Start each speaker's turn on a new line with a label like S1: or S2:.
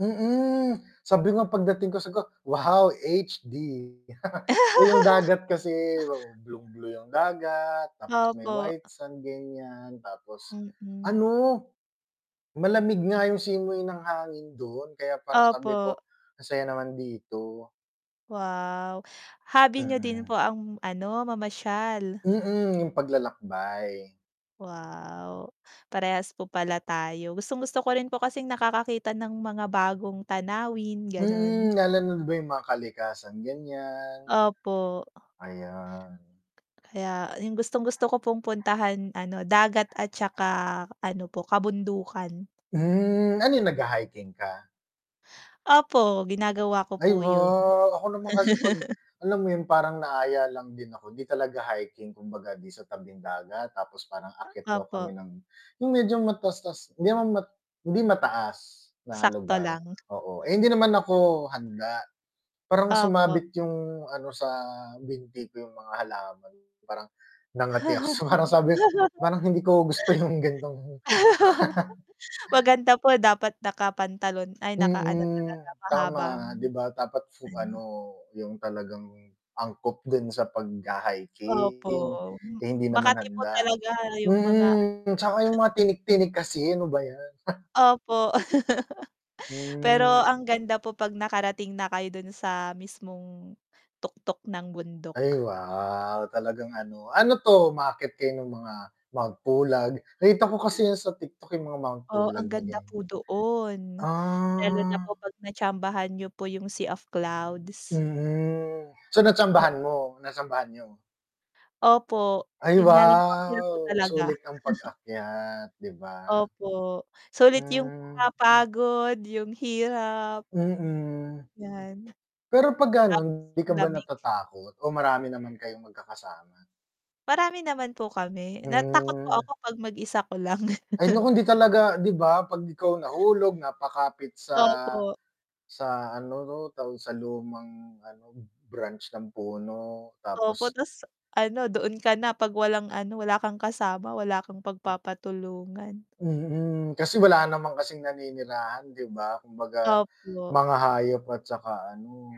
S1: Mm, sabi ko nga pagdating ko siguro, "Wow, HD." Eh, yung dagat kasi oo, blueng blue yung dagat tapos may
S2: Opo.
S1: white sand ganiyan, tapos
S2: Mm.
S1: ano, malamig nga yung simoy ng hangin do’n kaya parang sabi
S2: Opo.
S1: ko, "Ang saya naman dito."
S2: Wow, hobby niyo din
S1: Mm.
S2: po ang ano, mamasyal.
S1: Mm, yung paglalakbay.
S2: Wow, parehas po pala tayo. Gustong gusto ko rin po kasing nakakakita ng mga bagong tanawin, ganun.
S1: Mm, lalo na ‘di ba yung mga kalikasan, ganiyan.
S2: Opo.
S1: Ayan.
S2: Kaya yung gustong-gusto ko pong puntahan, ano, dagat at tsaka ano po, kabundukan.
S1: Hmm, ano ‘yon nagha-hiking ka?
S2: Opo, ginagawa ko
S1: Ay,
S2: po yun.
S1: wow. Ako naman kasi 'pag alam mo yun, parang naaya lang din ako, ‘di talaga hiking, kumbaga ‘di sa tabing dagat, tapos parang akyat daw
S2: Opo.
S1: kami ng yung medyo mataas-taas hindi naman mat hindi mataas na
S2: Sakto
S1: lugar,
S2: lang.
S1: oo, eh, hindi naman ako handa parang
S2: Opo.
S1: sumabit yung ano sa binti ko, yung mga halaman. Parang nangati ako, so parang sabi parang hindi ko gusto yung gan'tong
S2: Maganda po dapat nakapantalon, ay nakaano
S1: Mm,
S2: talaga mahabang
S1: tama, ‘di ba dapat su ano
S2: ano.
S1: yung talagang angkop din sa
S2: Opo,
S1: pagha-hiking. Eh, hindi naman
S2: makati po
S1: handa.
S2: talaga yung mga
S1: Mm, tsaka yung mga tinik-tinik kasi ano ba ‘yan.
S2: Opo, pero
S1: Hmm.
S2: ang ganda po 'pag nakarating na kayo dun sa mismong tuktok ng
S1: Ay
S2: bundok.
S1: wow, talagang ano. Ano 'to, umaakyat kayo ng mga Mount Pulag, nakita ko kasi ‘yan sa TikTok, yung mga Mount
S2: Oo, ang
S1: Pulag na
S2: ganda
S1: ganiyan.
S2: po doon. Meron na
S1: Ah.
S2: po 'pag natsambahan niyo po yung Sea of Clouds.
S1: Mm, so
S2: Opo.
S1: natsambahan mo? Natsambahan niyo?
S2: Opo,
S1: Ay,
S2: yun nga lang ang hirap
S1: wow.
S2: talaga.
S1: Sulit ang pag-akyat, 'di ba.
S2: Opo, sulit yung mga
S1: Mm.
S2: pagod, yung hirap.
S1: Mm.
S2: 'Yan.
S1: Pero 'pag
S2: Tapos
S1: ganun, ‘di
S2: yung
S1: ka ba
S2: lamig.
S1: natatakot o marami naman kayong magkakasama?
S2: Marami naman po kami, na takot po
S1: Hmm.
S2: ako 'pag mag-isa ko lang.
S1: Ay nako, hindi talaga, 'di ba. ‘Pag ikaw nahulog, napakapit sa
S2: Opo.
S1: sa ano ‘to, tawag sa lumang ano, branch ng puno,
S2: Opo,
S1: tapos
S2: ta’s ano, doon ka na 'pag walang ano, wala kang kasama, wala kang pagpapatulungan.
S1: Mm, kasi wala naman kasing naninirahan, 'di ba? Kumbaga mga
S2: Opo.
S1: hayop at tsaka ano